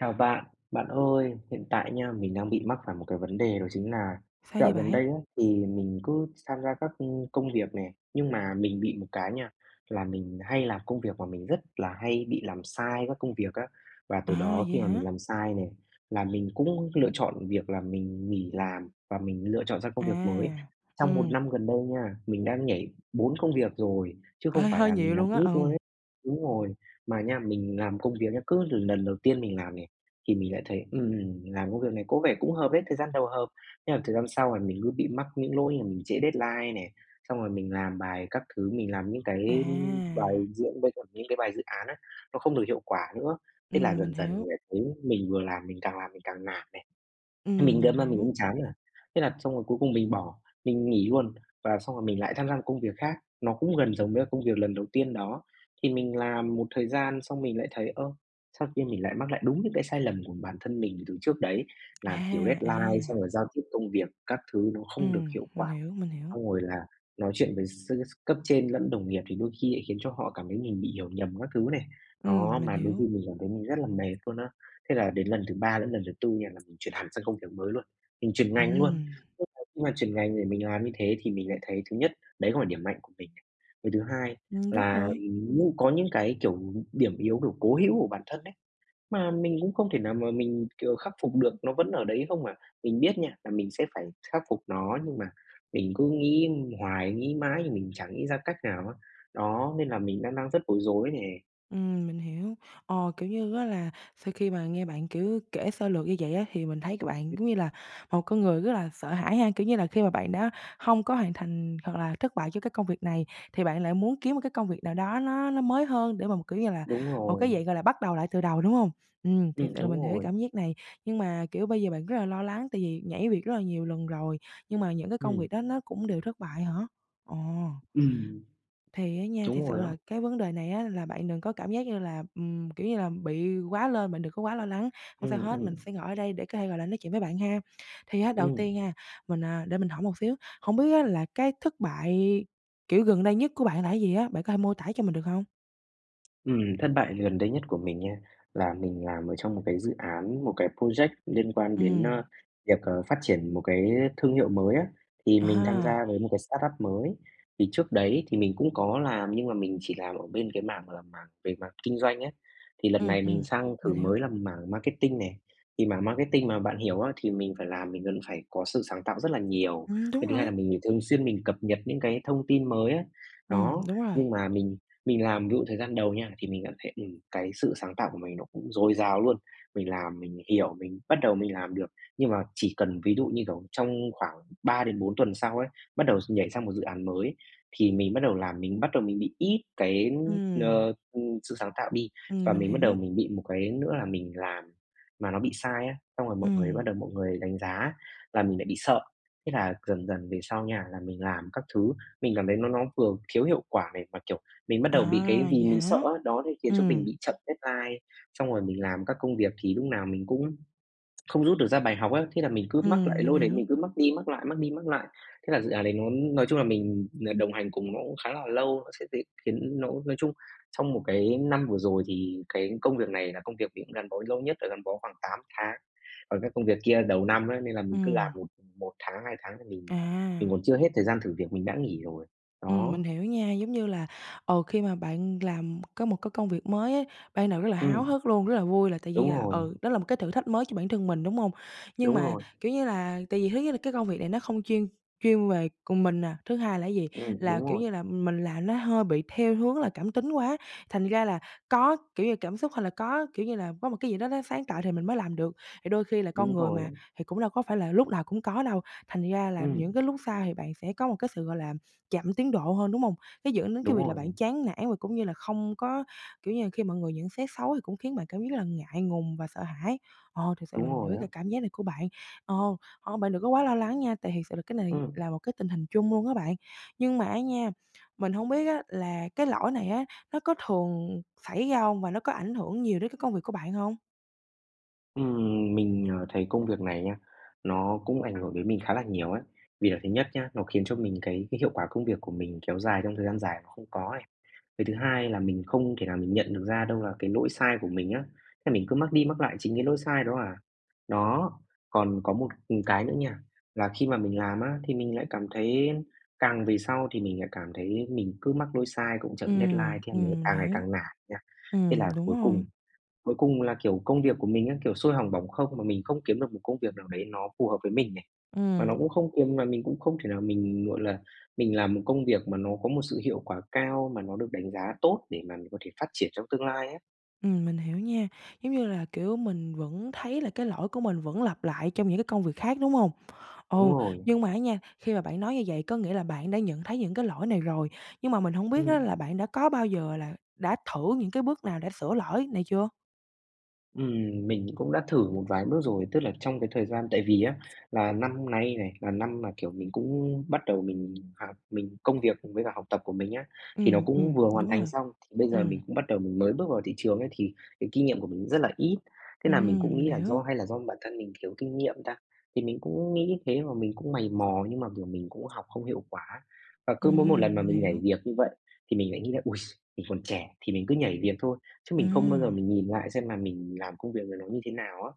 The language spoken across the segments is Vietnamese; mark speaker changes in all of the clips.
Speaker 1: Chào bạn, bạn ơi, hiện tại nha, mình đang bị mắc phải một cái vấn đề đó chính nà
Speaker 2: Sao vậy
Speaker 1: dạo gần
Speaker 2: bạn?
Speaker 1: đây á thì mình cứ sam gia các công công việc nè, nhưng mà mình bị một cái nha, là mình hay làm công việc mà mình rất là hay bị làm sai các công việc á. Và từ
Speaker 2: À,
Speaker 1: đó
Speaker 2: vậy
Speaker 1: khi mà
Speaker 2: hả?
Speaker 1: mình làm sai nè là mình cũng lựa chọn việc là mình nghỉ làm và mình lựa chọn ra công việc mới.
Speaker 2: À,
Speaker 1: Trong một
Speaker 2: ừm.
Speaker 1: năm gần đây nha, mình đang nhảy 4 công việc rồi, chứ không
Speaker 2: Hơi
Speaker 1: phải
Speaker 2: hơi
Speaker 1: là
Speaker 2: nhiều
Speaker 1: mình làm
Speaker 2: luôn á,
Speaker 1: ít luôn
Speaker 2: ừm.
Speaker 1: ấy đúng rồi. Mà nha, mình làm công việc nha, cứ l lần đầu tiên mình làm nè thì mình lại thấy, ừm, làm công việc này có vẻ cũng hợp ấy, thời gian đầu hợp. Thế là thời gian sau là mình cứ bị mắc những lỗi là mình trễ deadline nè, xong rồi mình làm bài các thứ, mình làm những cái
Speaker 2: À.
Speaker 1: bài dự với những cái bài dự án á, nó không được hiệu quả nữa. Thế là
Speaker 2: Ừm, mình
Speaker 1: dần dần
Speaker 2: hiểu.
Speaker 1: mình lại thấy mình vừa làm mình càng làm mình càng nản này. Thế mình
Speaker 2: Ừm, mình
Speaker 1: đâm ra mình
Speaker 2: hiểu.
Speaker 1: cũng chán nản. Thế là xong rồi cuối cùng mình bỏ, mình nghỉ luôn và xong rồi mình lại tham gia một công việc khác, nó cũng gần giống với công việc lần đầu tiên đó. Thì mình làm một thời gian xong mình lại thấy, ơ, sao khi mình lại mắc lại đúng những cái sai lầm của bản thân mình từ trước đấy, làm thiếu
Speaker 2: À,
Speaker 1: deadline xong
Speaker 2: à.
Speaker 1: rồi giao tiếp công việc các thứ nó không được
Speaker 2: Ừm,
Speaker 1: hiệu
Speaker 2: mình
Speaker 1: quả.
Speaker 2: hiểu, mình hiểu.
Speaker 1: Xong rồi là nói chuyện với s cấp trên lẫn đồng nghiệp thì đôi khi lại khiến cho họ cảm thấy mình bị hiểu nhầm các thứ này. Đó,
Speaker 2: Ừm, mình
Speaker 1: mà đôi khi
Speaker 2: hiểu.
Speaker 1: mình cảm thấy mình rất là mệt luôn á. Thế là đến lần thứ 3 lẫn lần thứ 4 là mình chuyển hẳn sang công việc mới luôn, mình chuyển ngành luôn.
Speaker 2: Ừm.
Speaker 1: [unintelligible] Nhưng mà chuyển ngành để mình làm như thế thì mình lại thấy thứ nhất đấy không phải điểm mạnh của mình. Cái thứ hai
Speaker 2: Ừm. Đúng
Speaker 1: là
Speaker 2: rồi.
Speaker 1: nhưng có những cái, kiểu, điểm yếu, kiểu, cố hữu của bản thân ấy, mà mình cũng không thể nào mà mình, kiểu, khắc phục được nó vẫn ở đấy không mà. Mình biết nha là mình sẽ phải khắc phục nó nhưng mà mình cứ nghĩ hoài, nghĩ mãi nhưng mình chẳng nghĩ ra cách nào á. Đó, nên là mình đang đang rất bối rối nè.
Speaker 2: Ừm, mình hiểu. Ờ, kiểu như á, là sau khi mà nghe bạn, kiểu, kể sơ lược như vậy á, thì mình thấy c bạn
Speaker 1: Ừm.
Speaker 2: giống như là một con người rất là sợ hãi ha. Kiểu như là, khi mà bạn đã hông có hoàn thành hoặc là thất bại cho cái công việc này, thì bạn lại muốn kiếm một cái công việc nào đó nó nó mới hơn để mà mà, kiểu như là,
Speaker 1: Đúng
Speaker 2: một cái
Speaker 1: rồi.
Speaker 2: dạng, gọi là, bắt đầu lại từ đầu, đúng hông? Ừm, thiệt
Speaker 1: Ừm.
Speaker 2: sự là
Speaker 1: Đúng
Speaker 2: mình hiểu cái
Speaker 1: rồi.
Speaker 2: cảm giác này, nhưng mà, kiểu, bây giờ bạn rất là lo lắng tại vì nhảy việc rất là nhiều lần rồi nhưng mà những cái công
Speaker 1: Ừm.
Speaker 2: việc đó nó cũng đều thất bại hả? Ồ.
Speaker 1: Ừm.
Speaker 2: Thì á nha,
Speaker 1: Đúng
Speaker 2: thiệt sự
Speaker 1: rồi đó.
Speaker 2: là cái vấn đề này á, là bạn đừng có cảm giác như là, ừm, kiểu như là, bị quá lên, bạn đừng có quá lo lắng. Hông sao
Speaker 1: Ừm,
Speaker 2: hết, mình
Speaker 1: ừm.
Speaker 2: sẽ ngồi ở đây để có thể, gọi là, nói chuyện với bạn ha. Thì á, đầu
Speaker 1: Ừm.
Speaker 2: tiên ha, mình à, để mình hỏi một xíu, hông biết á, là cái thất bại, kiểu, gần đây nhất của bạn là cái gì á? Bạn có thể mô tả cho mình được hông?
Speaker 1: Ừm, thất bại gần đây nhất của mình nha là mình làm ở trong một cái dự án một cái project liên quan đến,
Speaker 2: Ừm.
Speaker 1: ơ, việc, ờ, phát triển một cái thương hiệu mới á. Thì mình tham
Speaker 2: À.
Speaker 1: gia với một cái startup mới. Thì trước đấy thì mình cũng có làm, nhưng mà mình chỉ làm ở bên cái mảng, gọi là, mảng về mặt kinh doanh ấy. Thì lần
Speaker 2: Ừm,
Speaker 1: này mình
Speaker 2: ừm.
Speaker 1: sang
Speaker 2: Mình
Speaker 1: thử
Speaker 2: hiểu.
Speaker 1: mới làm mảng marketing nè. Thì mảng marketing mà bạn hiểu á thì mình phải làm, mình vẫn phải có sự sáng tạo rất là nhiều.
Speaker 2: Ừm, đúng
Speaker 1: Cái thứ hai
Speaker 2: rồi.
Speaker 1: là mình thường xuyên mình cập nhật những cái thông tin mới á,
Speaker 2: Ừm,
Speaker 1: đó.
Speaker 2: đúng rồi.
Speaker 1: Nhưng mà mình mình làm ví dụ thời gian đầu nha thì mình cảm thấy, ừm, cái sự sáng tạo của mình nó cũng dồi dào luôn. Mình làm, mình hiểu, mình bắt đầu mình làm được. Nhưng mà chỉ cần ví dụ như kiểu trong khoảng 3 đến 4 tuần sau ấy, bắt đầu nhảy sang một dự án mới ấy thì mình bắt đầu làm mình bắt đầu mình ít cái,
Speaker 2: Ừm.
Speaker 1: ờ, ừm, sự sáng tạo đi.
Speaker 2: Ừm,
Speaker 1: Và
Speaker 2: mình
Speaker 1: mình bắt đầu
Speaker 2: hiểu.
Speaker 1: mình bị một cái nữa là mình làm mà nó bị sai á, xong rồi mọi người
Speaker 2: Ừm.
Speaker 1: bắt đầu mọi người đánh giá là mình lại bị sợ. Thế là dần dần về sau nha là mình làm các thứ, mình cảm thấy nó nó vừa thiếu hiệu quả này mà, kiểu, mình bắt đầu bị cái
Speaker 2: À,
Speaker 1: vì
Speaker 2: vậy
Speaker 1: mình sợ
Speaker 2: hả?
Speaker 1: á, đó thì khiến cho mình
Speaker 2: Ừm.
Speaker 1: bị chậm deadline. Xong rồi mình làm các công việc thì lúc nào mình cũng không rút được ra bài học á. Thế là mình cứ mắc
Speaker 2: Ừm,
Speaker 1: lại
Speaker 2: mình
Speaker 1: lỗi đấy, mình
Speaker 2: hiểu.
Speaker 1: cứ mắc đi mắc lại, mắc đi mắc lại. Thế là dự án đấy nó nói chung là mình, ờ, đồng hành cùng nó cũng khá là lâu. Nó sẽ dễ khiến nó nói chung trong một cái năm vừa rồi thì cái công việc này là công việc mình cũng gắn bó lâu nhất, là gắn bó khoảng 8 tháng. Còn cái công việc kia đầu năm ấy nên là mình cứ làm
Speaker 2: Ừm.
Speaker 1: một một tháng, hai tháng thì mình mình
Speaker 2: À.
Speaker 1: còn chưa hết thời gian thử việc mình đã nghỉ rồi.
Speaker 2: Ừm,
Speaker 1: Đó.
Speaker 2: mình hiểu nha, giống như là, ờ, khi mà bạn làm có một cái công việc mới ấy, ban đầu rất là háo
Speaker 1: Ừm.
Speaker 2: hức luôn, rất là vui là tự nhiên
Speaker 1: Đúng
Speaker 2: là,
Speaker 1: rồi.
Speaker 2: ừ, đó là một cái thử thách mới cho bản thân mình, đúng hông? Nhưng
Speaker 1: Đúng
Speaker 2: mà
Speaker 1: rồi.
Speaker 2: kiểu như là tại vì thứ nhất là cái công việc này nó không chuyên chuyên về cùng mình nè. Thứ hai là gì?
Speaker 1: Ừm,
Speaker 2: Là,
Speaker 1: đúng
Speaker 2: kiểu,
Speaker 1: rồi.
Speaker 2: như là mình làm nó hơi bị theo hướng là cảm tính quá. Thành ra là có, kiểu, như cảm xúc hay là có, kiểu, như là có một cái gì đó nó sáng tạo thì mình mới làm được. Thì đôi khi là con
Speaker 1: Đúng
Speaker 2: người
Speaker 1: rồi
Speaker 2: mà
Speaker 1: á.
Speaker 2: thì cũng đâu có phải là lúc nào cũng có đâu. Thành ra là những
Speaker 1: Ừm.
Speaker 2: cái lúc sai thì bạn sẽ có một cái sự, gọi là, chậm tiến độ hơn, đúng hông? Nó dẫn đến cái
Speaker 1: Đúng
Speaker 2: việc là
Speaker 1: rồi.
Speaker 2: bạn chán nản và cũng như là không có, kiểu, như là khi mọi người nhận xét xấu thì cũng khiến bạn cảm giác là ngại ngùng và sợ hãi. Ờ, thiệt sự là
Speaker 1: Đúng
Speaker 2: mình
Speaker 1: rồi
Speaker 2: hiểu
Speaker 1: á.
Speaker 2: cái cảm giác này của bạn. Ờ, ờ, bạn đừng có quá lo lắng nha, tại thiệt sự là cái này
Speaker 1: Ừm.
Speaker 2: là một cái tình hình chung luôn á bạn. Nhưng mà á nha, mình hông biết á là cái lỗi này á, nó có thường xảy ra hông và nó có ảnh hưởng nhiều đến cái công việc của bạn hông?
Speaker 1: Ừm, mình, ờ, thấy công việc này nha, nó cũng ảnh hưởng đến mình khá là nhiều ấy. Vì là thứ nhất nhá, nó khiến cho mình cái cái hiệu quả công việc của mình kéo dài trong thời gian dài mà không có ấy. Cái thứ hai là mình không thể nào mình nhận được ra đâu là cái lỗi sai của mình á, thế mình cứ mắc đi mắc lại chính cái lỗi sai đó à. Đó, còn có một, ừm, cái nữa nha, là khi mà mình làm á thì mình lại cảm thấy càng về sau thì mình lại cảm thấy mình cứ mắc lỗi sai, cũng chậm deadline,
Speaker 2: Ừm,
Speaker 1: thế là mình
Speaker 2: ừm, mình
Speaker 1: càng ngày
Speaker 2: hiểu.
Speaker 1: càng nản nha. Thế
Speaker 2: Ừm,
Speaker 1: là
Speaker 2: đúng
Speaker 1: cuối
Speaker 2: rồi.
Speaker 1: cùng cuối cùng là, kiểu, công việc của mình á, kiểu, xôi hỏng bỏng không mà mình không kiếm được một công việc nào đấy nó phù hợp với mình nè. Mà
Speaker 2: Ừm.
Speaker 1: nó cũng không kiếm mà mình cũng không thể nào mình, gọi là, mình làm một công việc mà nó có một sự hiệu quả cao mà nó được đánh giá tốt để mà mình có thể phát triển trong tương lai á.
Speaker 2: Ừm, mình hiểu nha. Giống như là, kiểu, mình vẫn thấy là cái lỗi của mình vẫn lặp lại trong những cái công việc khác, đúng hông? Ừ.
Speaker 1: Đúng rồi.
Speaker 2: Nhưng mà á nha, khi mà bạn nói như vậy có nghĩa là bạn đã nhận thấy những cái lỗi này rồi, nhưng mà mình hổng biết á,
Speaker 1: Ừm.
Speaker 2: là bạn đã có bao giờ là đã thử những cái bước nào đã sửa lỗi này chưa?
Speaker 1: Ừm, mình cũng đã thử một vài bước rồi. Tức là trong cái thời gian tại vì á, là năm nay này, là năm mà, kiểu, mình cũng bắt đầu mình h mình công việc với cả học tập của mình á, thì nó
Speaker 2: Ừm,
Speaker 1: cũng
Speaker 2: ừm,
Speaker 1: vừa hoàn
Speaker 2: đúng
Speaker 1: thành
Speaker 2: rồi.
Speaker 1: xong, bây giờ
Speaker 2: Ừm.
Speaker 1: mình cũng bắt đầu mình mới bước vào thị trường ấy, thì cái kinh nghiệm của mình rất là ít. Thế là mình cũng
Speaker 2: Ừm, mình
Speaker 1: nghĩ là
Speaker 2: hiểu.
Speaker 1: do hay là do bản thân mình thiếu kinh nghiệm ta? Thì mình cũng nghĩ thế mà mình cũng mày mò nhưng mà, kiểu, mình cũng học không hiệu quả. Và cứ mỗi một
Speaker 2: Ừm,
Speaker 1: lần mà
Speaker 2: mình
Speaker 1: mình nhảy
Speaker 2: hiểu.
Speaker 1: việc như vậy thì mình lại nghĩ là "Ôi, s mình còn trẻ thì mình cứ nhảy việc thôi." Chứ mình không bao
Speaker 2: Ừm.
Speaker 1: giờ mình nhìn lại xem là mình làm công việc này nó như thế nào á.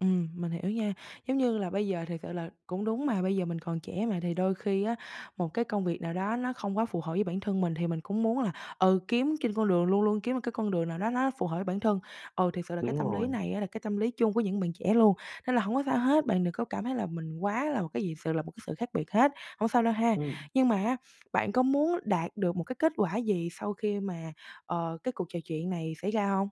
Speaker 2: Ừm, mình hiểu nha. Giống như là bây giờ thiệt sự là cũng đúng mà, bây giờ mình còn trẻ mà thì đôi khi á, một cái công việc nào đó nó không quá phù hợp với bản thân mình thì mình cũng muốn là, ừ, kiếm trên con đường, luôn luôn kiếm một cái con đường nào đó nó phù hợp với bản thân. Ừ, thiệt sự là cái
Speaker 1: Đúng
Speaker 2: tâm lý
Speaker 1: rồi.
Speaker 2: này á là cái tâm lý chung của những bạn trẻ luôn. Nên là hổng có sao hết, bạn đừng có cảm thấy là mình quá là một cái gì sự là một cái sự khác biệt hết, hổng sao đâu ha.
Speaker 1: Ừm.
Speaker 2: Nhưng mà á, bạn có muốn đạt được một cái kết quả gì sau khi mà, ờ, cái cuộc trò chuyện này xảy ra hông?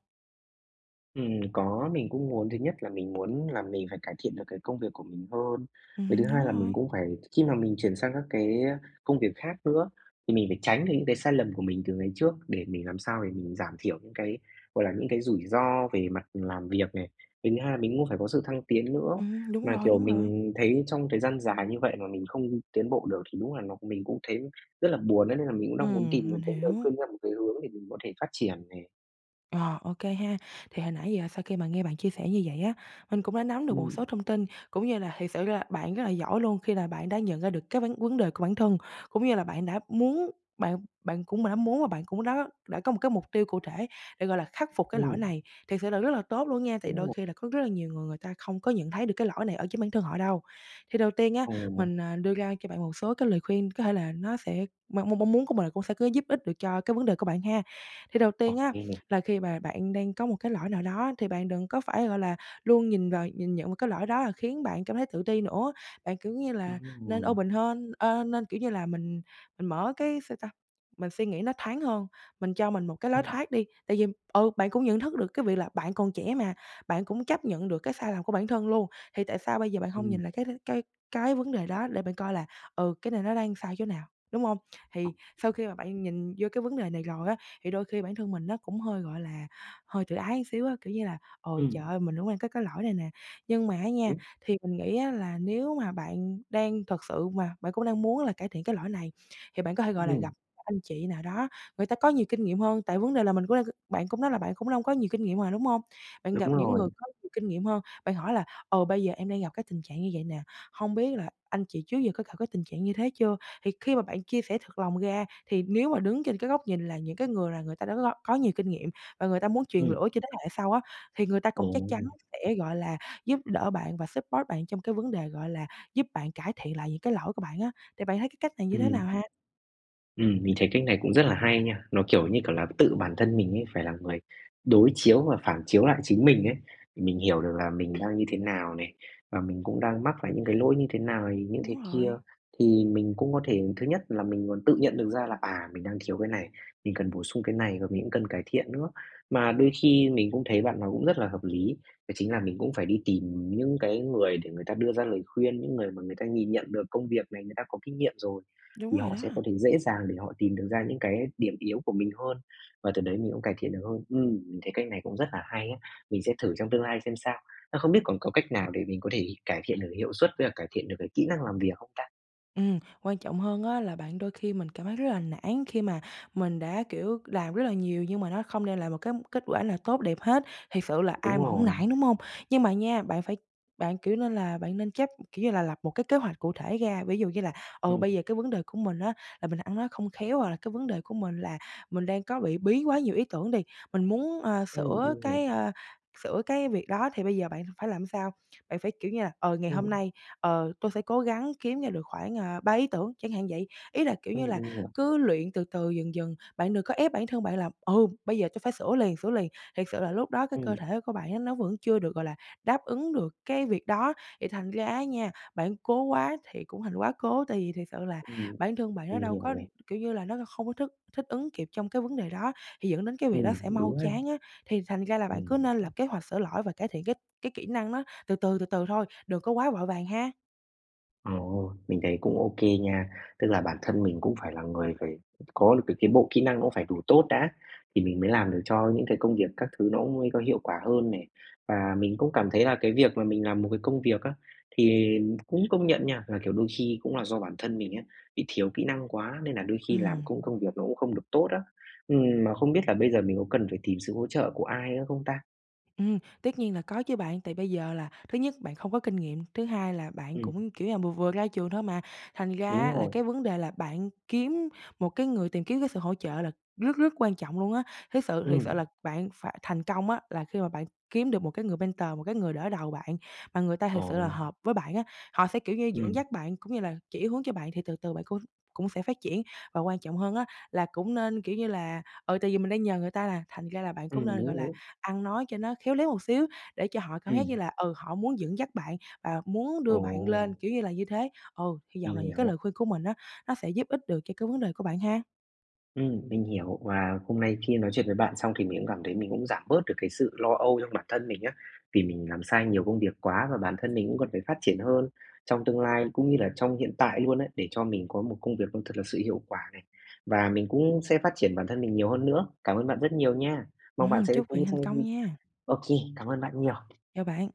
Speaker 1: Ừm, có, mình cũng muốn. Thứ nhất là mình muốn là mình phải cải thiện được cái công việc của mình hơn. Cái thứ
Speaker 2: Ừm, đúng
Speaker 1: hai là mình
Speaker 2: rồi.
Speaker 1: cũng phải khi mà mình chuyển sang các cái, ơ, công việc khác nữa, thì mình phải tránh được những cái sai lầm của mình từ ngày trước, để mình làm sao để mình giảm thiểu những cái, gọi là, những cái rủi ro về mặt làm việc này. Cái thứ hai mình muốn phải có sự thăng tiến nữa.
Speaker 2: Ừm, đúng
Speaker 1: Mà,
Speaker 2: rồi,
Speaker 1: kiểu,
Speaker 2: đúng rồi.
Speaker 1: mình thấy trong thời gian dài như vậy mà mình không tiến bộ được thì đúng là nó mình cũng thấy rất là buồn ấy, nên là mình cũng đang muốn tìm
Speaker 2: Ừm,
Speaker 1: một
Speaker 2: mình
Speaker 1: cái lời
Speaker 2: hiểu.
Speaker 1: khuyên theo một cái hướng để mình có thể phát triển này.
Speaker 2: Ờ, OK ha. Thì hồi nãy giờ sau khi mà nghe bạn chia sẻ như vậy á, mình cũng đã nắm được một
Speaker 1: Ừm.
Speaker 2: số thông tin, cũng như là thiệt sự ra bạn rất là giỏi luôn khi là bạn đã nhận ra được cái vấn vấn đề của bản thân, cũng như là bạn đã muốn bạn bạn cũng đã muốn và bạn cũng đã đã có một cái mục tiêu cụ thể để, gọi là, khắc phục cái lỗi
Speaker 1: Ừm.
Speaker 2: này. Thiệt sự là rất là tốt luôn nha, tại
Speaker 1: Đúng
Speaker 2: đôi
Speaker 1: rồi.
Speaker 2: khi là có rất là nhiều người, người ta không có nhận thấy được cái lỗi này ở chính bản thân họ đâu. Thì đầu tiên á,
Speaker 1: Ờ.
Speaker 2: mình, à, đưa ra cho bạn một số cái lời khuyên có thể là nó sẽ m m mong muốn của mình cũng sẽ có giúp ích được cho cái vấn đề của bạn ha. Thì đầu
Speaker 1: Ô
Speaker 2: tiên á,
Speaker 1: kê.
Speaker 2: là khi mà bạn đang có một cái lỗi nào đó thì bạn đừng có phải, gọi là, luôn nhìn vào nhìn nhận vào cái lỗi đó rồi khiến bạn cảm thấy tự ti nữa. Bạn, kiểu như là,
Speaker 1: Đúng
Speaker 2: nên
Speaker 1: rồi.
Speaker 2: open hơn, ơ, nên kiểu như là mình mình mở cái sao ta? Mình suy nghĩ nó thoáng hơn, mình cho mình một cái lối
Speaker 1: Ừm.
Speaker 2: thoát đi. Tại vì, ừ, bạn cũng nhận thức được cái việc là bạn còn trẻ mà, bạn cũng chấp nhận được cái sai lầm của bản thân luôn, thì tại sao bây giờ bạn hông
Speaker 1: Ừm.
Speaker 2: nhìn lại cái đ cái cái vấn đề đó, để bạn coi là, ừ, cái này nó đang sai chỗ nào, đúng hông?
Speaker 1: Ừ.
Speaker 2: Thì sau khi mà bạn nhìn vô cái vấn đề này rồi á, thì đôi khi bản thân mình nó cũng hơi, gọi là, hơi tự ái xíu á, kiểu như là "Ờ, trời
Speaker 1: Ừm.
Speaker 2: ơi, mình cũng đang có cái lỗi này nè." Nhưng mà á nha,
Speaker 1: Đúng.
Speaker 2: thì mình nghĩ á là nếu mà bạn đang thật sự mà bạn cũng đang muốn là cải thiện cái lỗi này, thì bạn có thể, gọi là, gặp
Speaker 1: [unintelligible]
Speaker 2: các anh chị nào đó, người ta có nhiều kinh nghiệm hơn, tại vấn đề là mình q bạn cũng nói là bạn cũng đâu có nhiều kinh nghiệm mà, đúng hông? Bạn gặp
Speaker 1: Đúng
Speaker 2: những người
Speaker 1: rồi.
Speaker 2: có nhiều kinh nghiệm hơn, bạn hỏi là "Ờ, bây giờ em đang gặp cái tình trạng như vậy nè, hông biết là anh chị trước giờ có gặp cái tình trạng như thế chưa?" Thì khi mà bạn chia sẻ thật lòng ra, thì nếu mà đứng trên cái góc nhìn là những cái người là người ta đã gọi có nhiều kinh nghiệm và người ta muốn truyền
Speaker 1: Ừm.
Speaker 2: lửa cho thế hệ sau á, thì người ta cũng chắc chắn
Speaker 1: Ồ.
Speaker 2: sẽ, gọi là, giúp đỡ bạn và support bạn trong cái vấn đề, gọi là, giúp bạn cải thiện lại những cái lỗi của bạn á. Thì bạn thấy cái cách này như thế
Speaker 1: Ừm.
Speaker 2: nào ha?
Speaker 1: Ừm, mình thấy cách này cũng rất là hay nha. Nó kiểu như, kiểu là, tự bản thân mình ấy phải là người đối chiếu và phản chiếu lại chính mình ấy. Mình hiểu được là mình đang như thế nào nè, và mình cũng đang mắc phải những cái lỗi như thế nào như thế
Speaker 2: Đúng
Speaker 1: kia.
Speaker 2: rồi.
Speaker 1: Thì mình cũng có thể, thứ nhất là mình còn tự nhận được ra là, à, mình đang thiếu cái này, mình cần bổ sung cái này và mình cũng cần cải thiện nữa. Mà đôi khi mình cũng thấy bạn nói cũng rất là hợp lý, đó chính là mình cũng phải đi tìm những cái người để người ta đưa ra lời khuyên, những người mà người ta nhìn nhận được công việc này người ta có kinh nghiệm rồi
Speaker 2: Đúng
Speaker 1: thì
Speaker 2: rồi
Speaker 1: họ
Speaker 2: đó.
Speaker 1: sẽ có thể dễ dàng để họ tìm được ra những cái điểm yếu của mình hơn và từ đấy mình cũng cải thiện được hơn. Ừm, mình thấy cách này cũng rất là hay á, mình sẽ thử trong tương lai xem sao. Ơ, không biết còn có cách nào để mình có thể cải thiện được hiệu suất với cả cải thiện được cái kỹ năng làm việc không ta?
Speaker 2: Ừm, quan trọng hơn á là bạn đôi khi mình cảm thấy rất là nản khi mà mình đã, kiểu, làm rất là nhiều nhưng mà nó không đem lại một cám kết quả nào tốt đẹp hết, thiệt sự là ai
Speaker 1: Đúng
Speaker 2: mà hổng
Speaker 1: rồi.
Speaker 2: nản, đúng hông? Nhưng mà nha, bạn phải bạn, kiểu, nên là bạn nên chấp kiểu như là, lập một cái kế hoạch cụ thể ra. Ví dụ như là, ừ,
Speaker 1: Ừm.
Speaker 2: bây giờ cái vấn đề của mình á là mình ăn nói không khéo hoặc là cái vấn đề của mình là mình đang có bị bí quá nhiều ý tưởng đi, mình muốn, ờ,
Speaker 1: Ừm,
Speaker 2: sửa
Speaker 1: mình hiểu.
Speaker 2: cái, ơ, sửa cái việc đó thì bây giờ bạn phải làm sao? Bạn phải, kiểu như là, ờ, "Ngày hôm
Speaker 1: Ừm.
Speaker 2: nay, ờ, tôi sẽ cố gắng kiếm ra được khoảng, à, 3 ý tưởng", chẳng hạn vậy. Ý là, kiểu như
Speaker 1: Ừm,
Speaker 2: là,
Speaker 1: mình hiểu.
Speaker 2: cứ luyện từ từ dần dần, bạn đừng có ép bản thân bạn là, ừ, "bây giờ tôi phải sửa liền, sửa liền". Thiệt sự là lúc đó cái cơ
Speaker 1: Ừm.
Speaker 2: thể của bạn á nó vẫn chưa được, gọi là, đáp ứng được cái việc đó, thì thành ra á nha, bạn cố quá thì cũng thành quá cố, tại vì thiệt sự là
Speaker 1: Ừm.
Speaker 2: bản thân bạn nó
Speaker 1: Mình
Speaker 2: đâu
Speaker 1: hiểu
Speaker 2: có,
Speaker 1: này.
Speaker 2: kiểu như là, nó la không có thức thích ứng kịp trong cái vấn đề đó, thì dẫn đến cái việc đó
Speaker 1: Ừm,
Speaker 2: sẽ mau
Speaker 1: đúng ha.
Speaker 2: chán á. Thì thành ra là bạn cứ
Speaker 1: Ừm
Speaker 2: nên
Speaker 1: hứm.
Speaker 2: lập kế hoạch sửa lỗi và cải thiện cái cái kỹ năng nó từ từ, từ từ thôi, đừng có quá vội vàng ha.
Speaker 1: Ồ, mình thấy cũng OK nha. Tức là bản thân mình cũng phải là người phải có được cái kiến bộ kỹ năng nó cũng phải đủ tốt đã, thì mình mới làm được cho những cái công việc các thứ nó cũng mới có hiệu quả hơn này. Và mình cũng cảm thấy là cái việc mà mình làm một cái công việc á, thì cũng công nhận nha, là, kiểu, đôi khi cũng là do bản thân mình á, bị thiếu kỹ năng quá nên là đôi khi làm
Speaker 2: Ừm,
Speaker 1: cũng
Speaker 2: ừm.
Speaker 1: công việc nó cũng không được tốt á. Ừm, mà không biết là bây giờ mình có cần phải tìm sự hỗ trợ của ai nữa không ta?
Speaker 2: Ừm, tất nhiên là có chứ bạn. Tại bây giờ là thứ nhất bạn không có kinh nghiệm, thứ hai là bạn
Speaker 1: Ừm.
Speaker 2: cũng, kiểu như là, vừa vừa ra trường thôi mà, thành ra
Speaker 1: Đúng
Speaker 2: là
Speaker 1: rồi.
Speaker 2: cái vấn đề là bạn kiếm một cái người tìm kiếm cái sự hỗ trợ là rất rất quan trọng luôn á. Thiết sự thiệt sự
Speaker 1: Ừm.
Speaker 2: là bạn phải thành công á, là khi mà bạn kiếm được một cái người mentor, một cái người đỡ đầu bạn mà người ta thiệt sự là
Speaker 1: Ồ.
Speaker 2: hợp với bạn á. Họ sẽ, kiểu như, dẫn
Speaker 1: Ừm.
Speaker 2: dắt bạn cũng như là chỉ hướng cho bạn thì từ từ bạn cũng cũng sẽ phát triển. Và quan trọng hơn á, là cũng nên, kiểu như là ừ, tại vì mình đang nhờ người ta là thành ra là bạn cũng
Speaker 1: Ừm, đúng,
Speaker 2: nên, gọi là,
Speaker 1: đúng.
Speaker 2: ăn nói cho nó khéo léo một xíu để cho họ cảm giác như
Speaker 1: Ừm.
Speaker 2: là, ừ, họ muốn dẫn dắt bạn và muốn đưa bạn
Speaker 1: Ồ.
Speaker 2: lên, kiểu như là, như thế. Ừ, hy vọng
Speaker 1: Mình
Speaker 2: là những cái lời
Speaker 1: hiểu.
Speaker 2: khuyên của mình á, nó sẽ giúp ích được cho cái vấn đề của bạn ha.
Speaker 1: Ừm, mình hiểu. Và hôm nay khi nói chuyện với bạn xong thì mình cũng cảm thấy mình cũng giảm bớt được cái sự lo âu trong bản thân mình á. Vì mình làm sai nhiều công việc quá và bản thân mình cũng cần phải phát triển hơn trong tương lai cũng như là trong hiện tại luôn ấy, để cho mình có một công việc nó thật là sự hiệu quả này và mình cũng sẽ phát triển bản thân mình nhiều hơn nữa. Cảm ơn bạn rất nhiều nha! Mong bạn
Speaker 2: Ừm.
Speaker 1: sẽ
Speaker 2: Chúc bạn
Speaker 1: cũng
Speaker 2: thành
Speaker 1: sẽ
Speaker 2: công nha!
Speaker 1: OK, cảm ơn bạn nhiều.
Speaker 2: Chào bạn!